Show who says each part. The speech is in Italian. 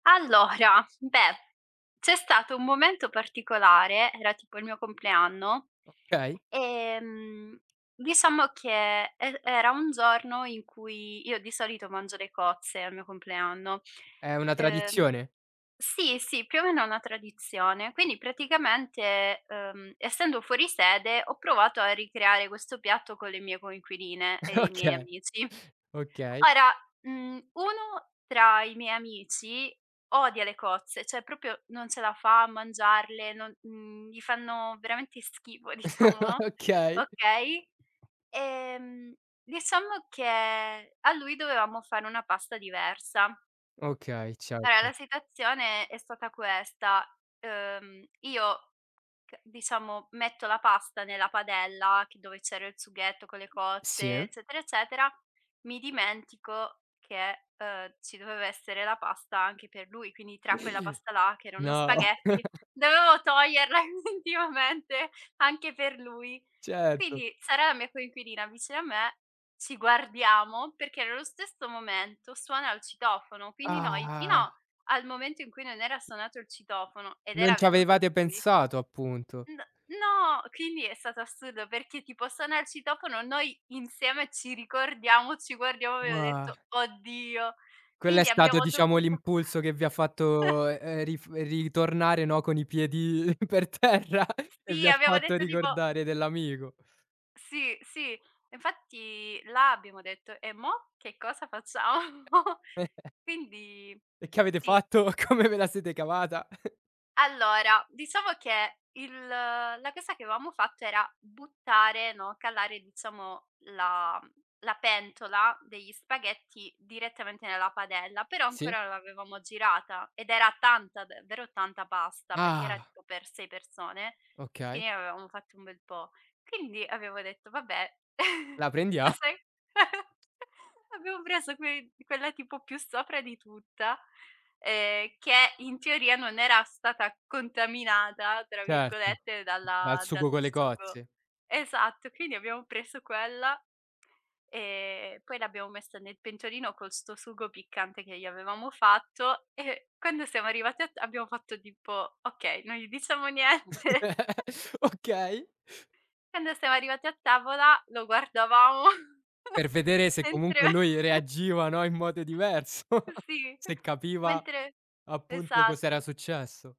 Speaker 1: Allora, beh, c'è stato un momento particolare, era tipo il mio compleanno,
Speaker 2: Okay.
Speaker 1: ehm, diciamo che er era un giorno in cui io di solito mangio le cozze al mio compleanno,
Speaker 2: È una
Speaker 1: uhm
Speaker 2: tradizione?
Speaker 1: sì, sì, più o meno è una tradizione. Quindi praticamente, uhm, essendo fuori sede, ho provato a ricreare questo piatto con le mie coinquiline e i miei
Speaker 2: Okay.
Speaker 1: amici.
Speaker 2: Okay.
Speaker 1: Ora, mhmm, uno tra i miei amici odia le cozze, cioè proprio non ce la fa a mangiarle, non mhmm, gli fanno veramente schifo diciamo, no.
Speaker 2: Okay.
Speaker 1: Okay, ehm, diciamo che a lui dovevamo fare una pasta diversa.
Speaker 2: Okay,
Speaker 1: Allora
Speaker 2: certo.
Speaker 1: la situazione è stata questa: uhm, io che diciamo metto la pasta nella padella che dove c'era il sughetto con le cozze,
Speaker 2: Sì.
Speaker 1: eccetera, eccetera, mi dimentico che, uhm, ci doveva essere la pasta anche per lui, quindi tra quella pasta là che erano
Speaker 2: No.
Speaker 1: spaghetti, dovevo toglierla effettivamente anche per lui.
Speaker 2: Certo.
Speaker 1: Quindi, Sara, la mia coinquilina vicino a me, ci guardiamo, perché nello stesso momento suona il citofono, quindi noi fino al momento in cui non era suonato il citofono ed
Speaker 2: Non
Speaker 1: era
Speaker 2: ci
Speaker 1: venuto
Speaker 2: avevate
Speaker 1: lui
Speaker 2: pensato, appunto.
Speaker 1: N no, quindi è stato assurdo perché tipo: suona il citofono, noi insieme ci ricordiamo, ci guardiamo, abbiamo detto: "Oddio!"
Speaker 2: Quello è
Speaker 1: Quindi
Speaker 2: stato
Speaker 1: abbiamo
Speaker 2: diciamo
Speaker 1: dovuto
Speaker 2: l'impulso che vi ha fatto, e ehm, rif ritornare no, con i piedi per terra e vi
Speaker 1: Sì, abbiamo
Speaker 2: fatto
Speaker 1: detto tipo
Speaker 2: ricordare dell'amico.
Speaker 1: Sì, sì. Infatti là abbiamo detto: "E mo che cosa facciamo?" Quindi
Speaker 2: E che avete
Speaker 1: sì.
Speaker 2: fatto? Come ve la siete cavata?
Speaker 1: Allora, diciamo che il la cosa che avevamo fatto era buttare, no, calare diciamo la, mhmm la pentola degli spaghetti direttamente nella padella, però
Speaker 2: Sì.
Speaker 1: ancora non l'avevamo girata, ed era tanta, davvero tanta pasta, perché era
Speaker 2: Ah.
Speaker 1: tipo per 6 persone;
Speaker 2: Okay.
Speaker 1: quindi ne avevamo fatta un bel po'. Quindi avevo detto: "Vabbè",
Speaker 2: La
Speaker 1: lo
Speaker 2: prendia
Speaker 1: sai abbiamo preso quei quella tipo più sopra di tutta, ehm, che in teoria non era stata "contaminata", tra
Speaker 2: Certo.
Speaker 1: virgolette,
Speaker 2: Dal
Speaker 1: dalla dal
Speaker 2: sugo con le
Speaker 1: sugo
Speaker 2: cozze.
Speaker 1: esatto, quindi abbiamo preso quella, e ehm, poi l'abbiamo messa nel pentolino con sto sugo piccante che gli avevamo fatto, e quando siamo arrivate a ta abbiamo fatto tipo: "Okay, non gli diciamo niente."
Speaker 2: Okay.
Speaker 1: Quando siamo arrivati a tavola, lo guardavamo,
Speaker 2: Per vedere se
Speaker 1: mentre
Speaker 2: comunque lui reagiva, no, in modo diverso.
Speaker 1: Eh sì,
Speaker 2: Se capiva
Speaker 1: mentre
Speaker 2: appunto, cos'era
Speaker 1: esatto.
Speaker 2: successo.